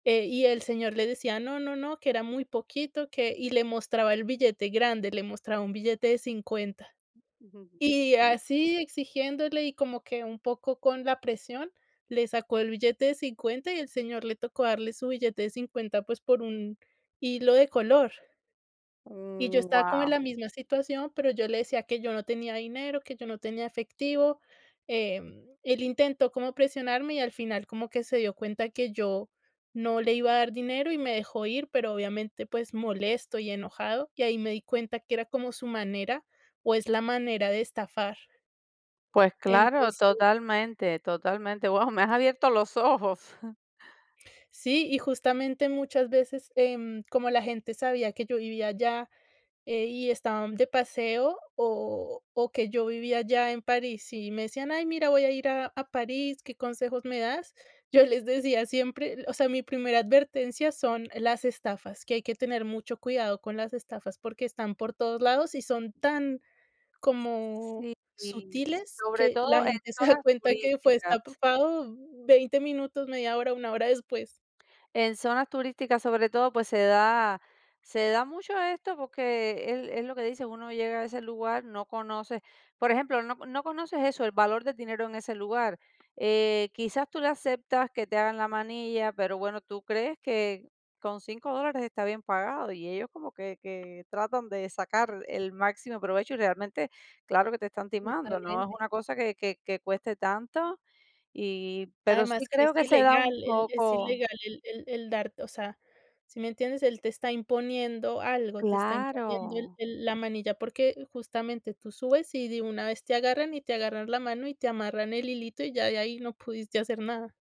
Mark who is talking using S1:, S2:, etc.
S1: Eh, y el señor le decía: "No, no, no", que era muy poquito, que y le mostraba el billete grande. Le mostraba un billete de $50,
S2: Ujú.
S1: y
S2: Sí.
S1: así, exigiéndole. Y como que, un poco con la presión, le sacó el billete de $50, y el señor le tocó darle su billete de $50, pues, por un hilo de color. Y yo
S2: Mm,
S1: estaba como en la
S2: guau.
S1: misma situación, pero yo le decía que yo no tenía dinero, que yo no tenía efectivo. Em, él intentó como presionarme y al final como que se dio cuenta que yo no le iba a dar dinero, y me dejó ir. Pero, obviamente, pues, molesto y enojado, y ahí me di cuenta que era como su manera, o es la manera de estafar.
S2: Pues claro,
S1: Entonces
S2: totalmente, totalmente. Guau, me has abierto los ojos.
S1: Sí, y justamente muchas veces, em, como la gente sabía, que yo vivía allá, eh, y estaban de paseo, o o que yo vivía allá en París y me decían, ay, mira, voy a ir a a París, ¿qué consejos, me das? Yo les decía siempre, o sea, mi primera advertencia son las estafas. Que hay que tener mucho cuidado con las estafas porque están por todos lados y son tan, como
S2: Sí, y s
S1: sutiles,
S2: sobre
S1: que la
S2: todo en
S1: gente se da
S2: zonas
S1: cuenta que fue
S2: turísticas.
S1: estafado, 20 minutos, media hora, 1 hora después.
S2: En zonas turísticas, sobre todo, pues se da se da mucho esto, porque es es lo que dicen, uno llega a ese lugar, no conoce. Por ejemplo, no no conoces eso, el valor del dinero en ese lugar. Eh, quizás tú le aceptas que te hagan la manilla, pero bueno, tú crees que con $5 dólares está bien pagado y ellos como que que tratan de sacar el máximo provecho. Y, realmente, claro que te están timando, no es
S1: Totalmente.
S2: una cosa que que que cueste tanto. Y pero sí,
S1: Además, que
S2: creo
S1: es
S2: que se da
S1: ilegal
S2: un
S1: el es
S2: poco
S1: ilegal el el el darte o sea, ¿sí me entiendes? Él te está imponiendo algo. Te está imponiendo el
S2: Claro.
S1: el la manilla porque, justamente, tú subes y de una vez te agarran, y te agarran la mano y te amarran el hilito, y ya de ahí no pudiste hacer nada.